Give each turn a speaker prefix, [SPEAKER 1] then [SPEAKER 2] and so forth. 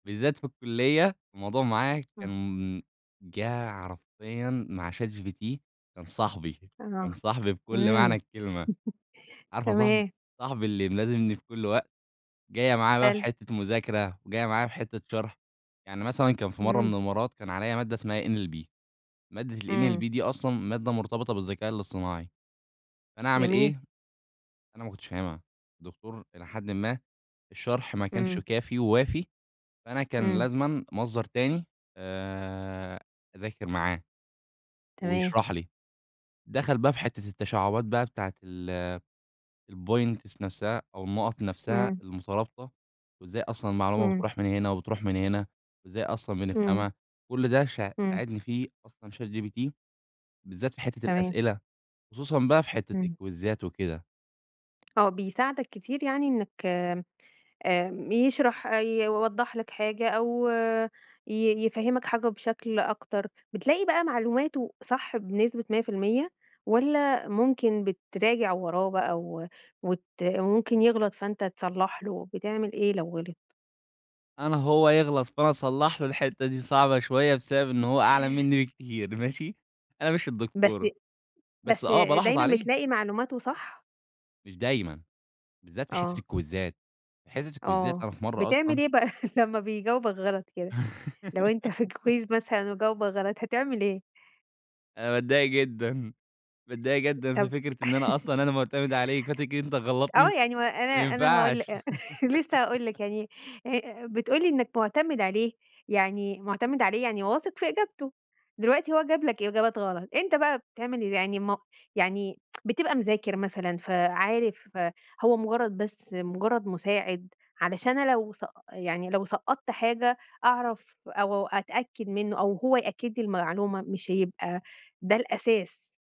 [SPEAKER 1] بالذات في الكلّية الموضوع معاه
[SPEAKER 2] امم.
[SPEAKER 1] كان جَه حرفيًا مع ChatGPT، كان صاحبي، كان
[SPEAKER 2] أها،
[SPEAKER 1] صاحبي بكل معنى
[SPEAKER 2] إمم،
[SPEAKER 1] الكلمة، عارفة صاحبي،
[SPEAKER 2] تمام.
[SPEAKER 1] صاحبي اللي ملازمني في كل وقت؟ جاية معايا بقى في
[SPEAKER 2] حلو.
[SPEAKER 1] حتة مذاكرة، جاية معايا في حتة شرح، يعني مثلًا كان في مرّة
[SPEAKER 2] إمم.
[SPEAKER 1] من المرّات كان عليّا مادة اسمها NLB مادة
[SPEAKER 2] إمم.
[SPEAKER 1] الNLB دي أصلًا مادة مرتبطة بالذكاء الاصطناعي، فأنا اعمل
[SPEAKER 2] جميل.
[SPEAKER 1] إيه؟ أنا ما كنتش فاهمها، الدكتور إلى حدٍ ما الشرح ما كانش
[SPEAKER 2] إمم.
[SPEAKER 1] كافي ووافي فأنا كان
[SPEAKER 2] إمم.
[SPEAKER 1] لازمًا مصدر تاني آآ أذاكر معاه
[SPEAKER 2] تمام.
[SPEAKER 1] ويشرح لي، دخل بقى في حتة التشعبات بقى بتاعة ال الpoints نفسها أو النقط نفسها
[SPEAKER 2] إمم.
[SPEAKER 1] المترابطة وإزاي أصلًا المعلومة
[SPEAKER 2] إمم.
[SPEAKER 1] بتروح من هنا وبتروح من هنا، وإزاي أصلًا
[SPEAKER 2] إمم.
[SPEAKER 1] بنفهمها، كل ده ش
[SPEAKER 2] إمم.
[SPEAKER 1] ساعدني فيه أصلًا ChatGPT بالذات في حتة
[SPEAKER 2] تمام.
[SPEAKER 1] الأسئلة، خصوصًا بقى في حتة
[SPEAKER 2] إمم.
[SPEAKER 1] الكويزات وكده.
[SPEAKER 2] آه، بيساعدك كتير يعني إنّك آمم يشرح أي يوضّح لك حاجة أو ي يفهّمك حاجة بشكل أكتر، بتلاقي بقى معلوماته صح بنسبة 100% والّا ممكن بتراجع وراه بقى و وت وممكن يغلط فأنت تصلّح له، بتعمل إيه لو غلط؟
[SPEAKER 1] أنا هو يغلط فأنا أصلّح له، الحتة دي صعبة شوية بسبب إن هو أعلى منّي بكتير، ماشي؟ أنا مش
[SPEAKER 2] بس
[SPEAKER 1] الدكتور، بس
[SPEAKER 2] بس
[SPEAKER 1] آه، بالاحظ
[SPEAKER 2] دايمًا
[SPEAKER 1] عليه.
[SPEAKER 2] بتلاقي معلوماته صح؟
[SPEAKER 1] مش دايمًا، بالذات في حتة
[SPEAKER 2] آه.
[SPEAKER 1] الكويزات، في حتة الكويزات
[SPEAKER 2] آه،
[SPEAKER 1] أنا في مرّة
[SPEAKER 2] بتعمل
[SPEAKER 1] أصلًا
[SPEAKER 2] إيه بقى لمّا بيجاوبك غلط كده؟ لو أنت في كويز مثلًا وجاوبك غلط هتعمل إيه؟
[SPEAKER 1] أنا باتضايق جدًا، باتضايق جدًا
[SPEAKER 2] طب
[SPEAKER 1] في فكرة إن أنا أصلًا أنا مُعتمد عليك، فتيجي أنت
[SPEAKER 2] آه
[SPEAKER 1] تغلّطني؟
[SPEAKER 2] يعني و أنا
[SPEAKER 1] ما
[SPEAKER 2] أنا هاقول
[SPEAKER 1] ينفعش.
[SPEAKER 2] آآ لسه هاقول لك، يعني ه آآ، آآ بتقول لي إنّك مُعتمد عليه، يعني مُعتمد عليه يعني واثق في إجابته، دلوقتي هو جاب لك إجابات غلط، أنت بقى بتعمل ال يعني م يعني بتبقى مذاكر مثلًا فعارف فهو مجرّد بس مجرّد مساعد، علشان أنا لو سق يعني لو سقّطت حاجة أعرف أو أتأكد منُّه أو هو يأكد لي المعلومة مش هيبقى ده الأساس.